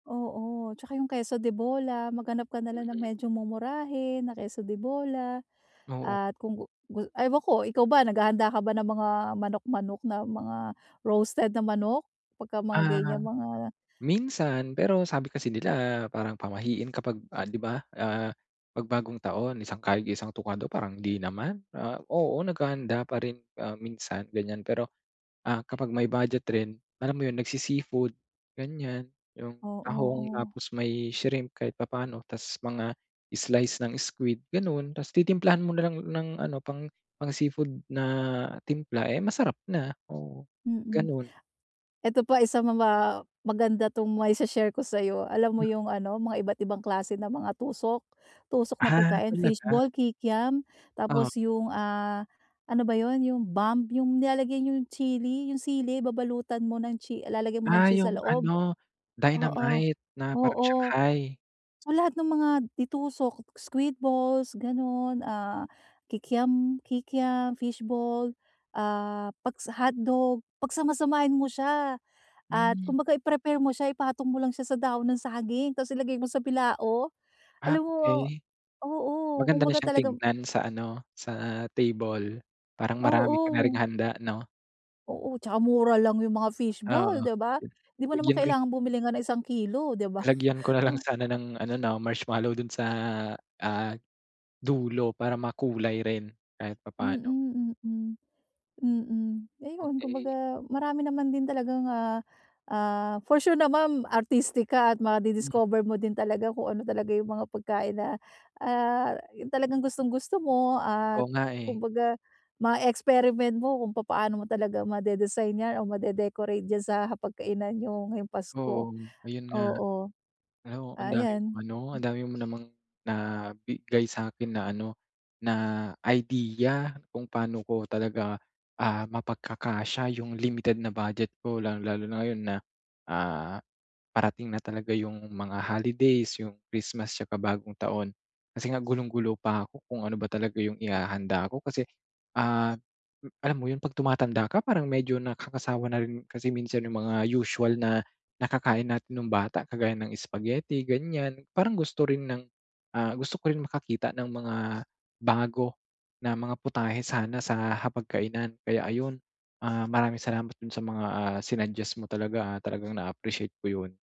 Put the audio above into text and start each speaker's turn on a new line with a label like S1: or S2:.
S1: Oo, tsaka yung queso de bola, maghanap ka na lang ng
S2: Mm.
S1: medyo mumurahin na queso de bola,
S2: Oo.
S1: at kung gu gu ewan ko, ikaw ba, naghahanda ka ba ng mga manok, manok, na mga roasted na manok pagka mga
S2: Ah,
S1: ganyang mga
S2: minsan pero sabi kasi nila parang pamahiin kapag, ah, 'di ba, ah, 'pag bagong taon, isang kayod, isang tuka daw, parang hindi naman. Ah, oo naghahanda pa rin, ah, minsan, ganyan pero, ah, kapag may budget rin, alam mo yun nagsi-seafood, ganyan, yung
S1: Oo,
S2: tahong,
S1: oo.
S2: tapos may shrimp kahit papaano, ta's mga slice ng squid, gano'n. Ta's titimplahan mo na lang ng ano pang pang-seafood na timpla, eh, masarap na, oo,
S1: Mm.
S2: ganun.
S1: Eto pa isa ma pa maganda tong mai-she-share ko sa 'yo. Alam mo
S2: Mm.
S1: yung ano mga iba't ibang klase ng mga tusok, tusok na
S2: Ah,
S1: pagkain,
S2: talaga?
S1: fishball, kikiam,
S2: Oh.
S1: tapos yung, ah, ano ba yun, yung bomb, yung nilalagay yung chili, yung sili, babalutan mo ng chi lalagyan mo ng
S2: Ah,
S1: cheese sa
S2: yung
S1: loob.
S2: ano,
S1: Oo,
S2: dynamite na parang
S1: oo.
S2: shanghai.
S1: So, lahat ng mga de-tusok, squid balls, gano'n, ah, kikiam kikiam, fishball, ah, pagsa hotdog. Pagsama-samahin mo siya at
S2: Hmm.
S1: kumbaga i-prepare mo siya, ipatong mo lang siya sa dahon ng saging tas ilagay mo sa bilao.
S2: Ah,
S1: Alam mo
S2: okey.
S1: oo,
S2: Maganda na
S1: kumbaga
S2: siyang
S1: talaga
S2: tignan sa ano, sa table, parang marami ka na ring
S1: Oo.
S2: handa 'no.
S1: Oo, 'tsaka mura lang yung mga
S2: Oo,
S1: fishball, 'di ba? Hindi mo naman
S2: lagyan ko
S1: kailangang bumili nga ng isang kilo, 'di ba.
S2: Lagyan ko na lang sana ng ano, 'no marshmallow dun sa, ah, dulo para makulay rin kahit papaano.
S1: Mm, mm, mm, ayun
S2: Okey.
S1: kumbaga marami naman din talagang, ah, ah for sure naman artistic ka at
S2: Mm.
S1: ma-di-discover mo din talaga kung ano talaga yung mga pagkain na, ah, yung talagang gustong gusto mo at
S2: Oo nga, eh.
S1: kumbaga ma-experiment mo kung papaano mo talaga ma-de-design yan o ma-de-decorate diyan sa hapagkainan yung ngayong Pasko,
S2: Oo, ayun nga,
S1: oo.
S2: ano. Ang dami mong
S1: Ayan,
S2: ano ang
S1: hmm.
S2: dami mo namang nabigay sa'kin na ano, na idea kung pa'no ko talaga, ah, mapagkakasya yung limited na budget ko. Lalong-lalo na ngayon na, ah, parating na talaga yung mga holidays, yung Christmas tsaka bagong taon. Kasi nga gulong-gulo pa ako kung ano ba talaga yung ihahanda ko kasi, ah, alam mo yun, 'pag tumatanda ka, parang medyo nakakasawa na rin kasi minsan yung mga usual na nakakain natin nung bata kagaya ng spaghetti, ganyan. Parang gusto rin ng ah, gusto ko rin makakita ng mga bago na mga putahe sana sa hapag kainan kaya, ayun. Ah, maraming salamat dun sa mga, ah, sinugguest mo talaga, ah, talagang na-appreciate ko yun.